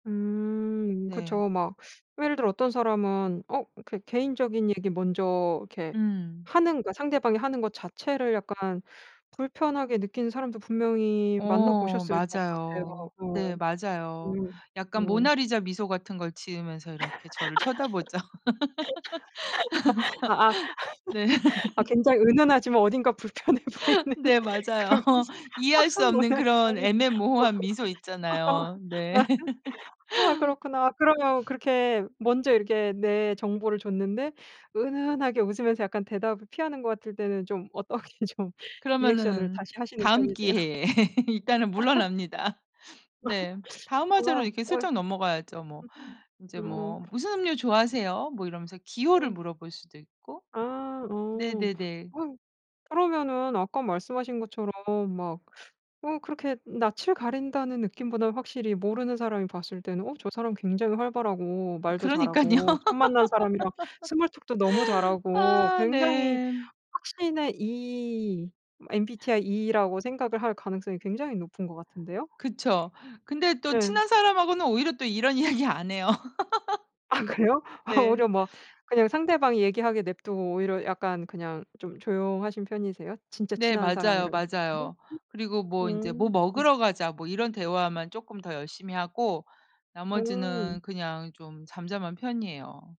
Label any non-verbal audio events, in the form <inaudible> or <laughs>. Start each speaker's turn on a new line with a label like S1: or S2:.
S1: 음
S2: 네.
S1: 그쵸. 막 예를 들어 어떤 사람은 어 이렇게 개인적인 얘기 먼저 이렇게
S2: 음.
S1: 하는 것 상대방이 하는 것 자체를 약간 불편하게 느끼는 사람도 분명히
S2: 어
S1: 만나보셨을 것 같아요.
S2: 맞아요.
S1: 어.
S2: 네 맞아요.
S1: 음.
S2: 약간
S1: 어.
S2: 모나리자 미소 같은 걸 지으면서 이렇게 저를 쳐다보죠.
S1: <laughs> 아아
S2: <laughs> 네.
S1: <laughs> 아 굉장히
S2: <laughs>
S1: 은은하지만 어딘가 불편해 보이는
S2: 네 맞아요.
S1: 그러면서
S2: 이해할
S1: 아
S2: 수 없는
S1: 뭐야
S2: 그런
S1: 이상해.
S2: 애매모호한 미소 있잖아요. 네.
S1: <laughs>
S2: <laughs>
S1: 아 그렇구나. 그러면
S2: <sniffs>
S1: 그렇게 먼저 이렇게 내 정보를 줬는데 은은하게 웃으면서 약간 대답을 피하는 것 같을 때는 좀 어떻게 좀 리액션을
S2: 그러면은
S1: 다시 하시는
S2: 다음
S1: 편이세요?
S2: 기회에 <laughs> 일단은
S1: <laughs>
S2: 물러납니다. <sniffs> 네.
S1: <laughs>
S2: 다음 화제로
S1: 아.
S2: 이렇게
S1: 거의.
S2: 슬쩍 넘어가야죠, 뭐. 인제
S1: 음.
S2: 뭐 "무슨 음료 좋아하세요?" 뭐 이러면서 기호를
S1: 음.
S2: 물어볼 수도 있고.
S1: 아 어.
S2: 네네네.
S1: 어 그러면은 아까 말씀하신 것처럼 막 어 그렇게 낯을 가린다는 느낌보다는 확실히 모르는 사람이 봤을 때는 어 저 사람 굉장히 활발하고 말도
S2: 그러니깐요.
S1: 잘하고 처음 만난 사람이랑 스몰 톡도 너무
S2: <laughs>
S1: 잘하고
S2: 아
S1: 굉장히
S2: 네.
S1: 확신의 E MBTI E라고 생각을 할 가능성이 굉장히 높은 것 같은데요?
S2: 그쵸. 근데 또
S1: 예.
S2: 친한 사람하고는 오히려 또 이런 이야기 안 해요.
S1: 아 그래요?
S2: <laughs>
S1: 아
S2: 네.
S1: 오히려 막
S2: <sniffs>
S1: 그냥 상대방이 얘기하게 냅두고 오히려 약간 그냥 좀 조용하신 편이세요? 진짜
S2: 네
S1: 친한
S2: 맞아요,
S1: 사람이랑 있을 때는?
S2: 맞아요. 그리고 뭐 인제 "뭐
S1: 음 움.
S2: 먹으러 가자." 뭐 이런 대화만 쪼끔 더 열심히 하고 나머지는
S1: 음.
S2: 그냥 좀 잠잠한 편이에요.